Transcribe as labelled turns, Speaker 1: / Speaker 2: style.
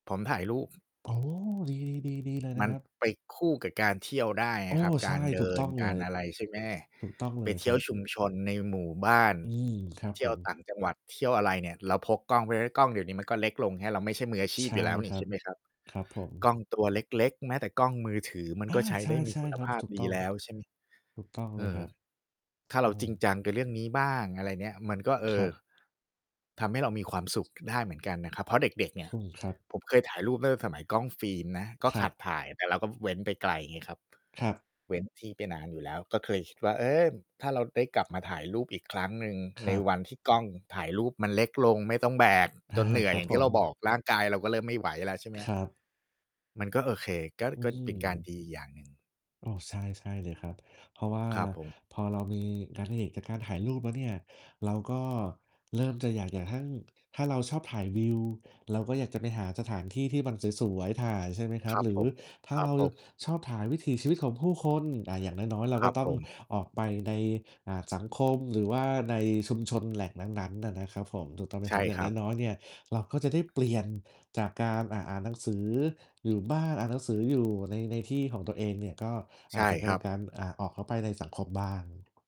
Speaker 1: ผมถ่ายรูป
Speaker 2: โอ้ ดี ๆ ๆ ดีเลย
Speaker 1: ม
Speaker 2: น
Speaker 1: ั
Speaker 2: ะ
Speaker 1: น
Speaker 2: ครับ
Speaker 1: ไปคู่กับการเที่ยวได้ไง
Speaker 2: โอ้
Speaker 1: ครับ
Speaker 2: ใ
Speaker 1: ก
Speaker 2: ช
Speaker 1: า
Speaker 2: ่
Speaker 1: รเด
Speaker 2: ถู
Speaker 1: ิ
Speaker 2: กต
Speaker 1: น
Speaker 2: ้อง
Speaker 1: ก
Speaker 2: เล
Speaker 1: าร
Speaker 2: ย
Speaker 1: อะไร ใช่ไหม
Speaker 2: ถูกต้องเ
Speaker 1: ไ
Speaker 2: ล
Speaker 1: ป
Speaker 2: ย
Speaker 1: เที
Speaker 2: ค
Speaker 1: ่
Speaker 2: ร
Speaker 1: ย
Speaker 2: ั
Speaker 1: ว
Speaker 2: บ
Speaker 1: ชุมชนในหมู่บ้าน
Speaker 2: อืม ครับ
Speaker 1: เที่
Speaker 2: ผ
Speaker 1: ยว
Speaker 2: ม
Speaker 1: ต่างจังหวัด เที่ยวอะไรเนี่ย เราพกกล้องไปแล้ว กล้องเดี๋ยวนี้มันก็เล็กลงแฮะ เราไม่ใช่มืออาชี
Speaker 2: ใ
Speaker 1: พ
Speaker 2: ช
Speaker 1: อ
Speaker 2: ่
Speaker 1: ยู่แล้วน
Speaker 2: ค
Speaker 1: ี่
Speaker 2: ร
Speaker 1: ใ
Speaker 2: ั
Speaker 1: ช่
Speaker 2: บ
Speaker 1: ไหมครับ
Speaker 2: ครับผ
Speaker 1: กล
Speaker 2: ม
Speaker 1: ้องตัวเล็ก ๆ แม้แต่กล้องมือถือ มัน
Speaker 2: อ
Speaker 1: ก็
Speaker 2: า
Speaker 1: ใช้
Speaker 2: ใช
Speaker 1: ได้ มีค
Speaker 2: ่
Speaker 1: ุณ
Speaker 2: ๆ คร
Speaker 1: ภ
Speaker 2: ับ
Speaker 1: าพ
Speaker 2: ถูก
Speaker 1: ดี
Speaker 2: ต้อง
Speaker 1: แล้ว ใช่ไหม
Speaker 2: ถูกต้องเล
Speaker 1: อื
Speaker 2: ย
Speaker 1: ม
Speaker 2: ครับ
Speaker 1: ถ้า
Speaker 2: โ
Speaker 1: เ
Speaker 2: อ
Speaker 1: ร
Speaker 2: ้
Speaker 1: าจริงจังกับเรื่องนี้บ้าง อะไรเนี่ย มันก็ เอ
Speaker 2: คร
Speaker 1: อ
Speaker 2: ับ
Speaker 1: ทำให้เรามีความสุขได้เหมือนกันนะครับ เพราะเด็ก ๆ เนี่
Speaker 2: อ
Speaker 1: ย
Speaker 2: ืม ครับ
Speaker 1: ผมเคยถ่ายรูปตั้งแต่สมัยกล้องฟิล์มนะ ก็
Speaker 2: คร
Speaker 1: ข
Speaker 2: ั
Speaker 1: ั
Speaker 2: บ
Speaker 1: ดถ่าย แต่เราก็ ฟ เว้นไปไกลไงครับ
Speaker 2: ครับ
Speaker 1: เว้นที่ไปนานอยู่แล้ว ก็เคยคิดว่า เออ ถ้าเราได้กลับมาถ่ายรูปอีกครั้งหนึ่ง
Speaker 2: ค
Speaker 1: ใน
Speaker 2: รับ
Speaker 1: วันที่กล้องถ่ายรูปมันเล็กลง ไม่ต้องแบก
Speaker 2: อ
Speaker 1: จ
Speaker 2: า
Speaker 1: นเหนื่อ
Speaker 2: ค
Speaker 1: ย
Speaker 2: รั
Speaker 1: อย
Speaker 2: บ
Speaker 1: ่างท
Speaker 2: ผ
Speaker 1: ี่เราบอ
Speaker 2: ม
Speaker 1: กร่างกาย เราก็เริ่มไม่ไหวแล้ว ใช่ไหม
Speaker 2: ค
Speaker 1: ครับ
Speaker 2: รับ
Speaker 1: มันก็โอเค ก็
Speaker 2: อื
Speaker 1: ก็เป็นการ
Speaker 2: ม
Speaker 1: ดีอย่างหนึ่ง
Speaker 2: โอ้ ใช่ ใช่เลยครับ เพราะว่า
Speaker 1: ครับผม
Speaker 2: พอเรามีงานอดิเรกจากการถ่ายรูปแล้วเนี่ย เราก็เริ่มจะอยากจะทั่ง ถ้าเราชอบถ่ายวิว เราก็อยากจะไปหาสถานที่ที่มันสวย ๆ ถ่าย ใช่ไหมครั
Speaker 1: ค
Speaker 2: บ
Speaker 1: รับ
Speaker 2: หรื
Speaker 1: ผ
Speaker 2: อ
Speaker 1: ม
Speaker 2: ถ้า
Speaker 1: ครั
Speaker 2: เร
Speaker 1: บ
Speaker 2: า
Speaker 1: ผม
Speaker 2: ชอบถ่ายวิถีชีวิตของผู้คน อา อย่างน้อย ๆ เรา
Speaker 1: คร
Speaker 2: ก
Speaker 1: ั
Speaker 2: ็
Speaker 1: บ
Speaker 2: ต้อ
Speaker 1: ผ
Speaker 2: ง
Speaker 1: ม
Speaker 2: ออกไปใน อ่า สังคม หรือว่าในชุมชนแหล่งนั้น ๆ น่ะนะครับผม ถูกต้องไหม
Speaker 1: ใช
Speaker 2: ค
Speaker 1: ่
Speaker 2: รับ อย่
Speaker 1: ค
Speaker 2: าง
Speaker 1: รับ
Speaker 2: น้อย ๆ เนี่ย เราก็จะได้เปลี่ยนจากการ อ่า อ่านหนังสืออยู่บ้าน อ่านหนังสืออยู่ใน ในที่ของตัวเองเนี่ย ก็อ
Speaker 1: ใช
Speaker 2: า
Speaker 1: ่
Speaker 2: จจะ ก
Speaker 1: ค
Speaker 2: าร
Speaker 1: รั
Speaker 2: ล
Speaker 1: บ
Speaker 2: การ อ่า ออกเข้าไปในสังคมบ้าง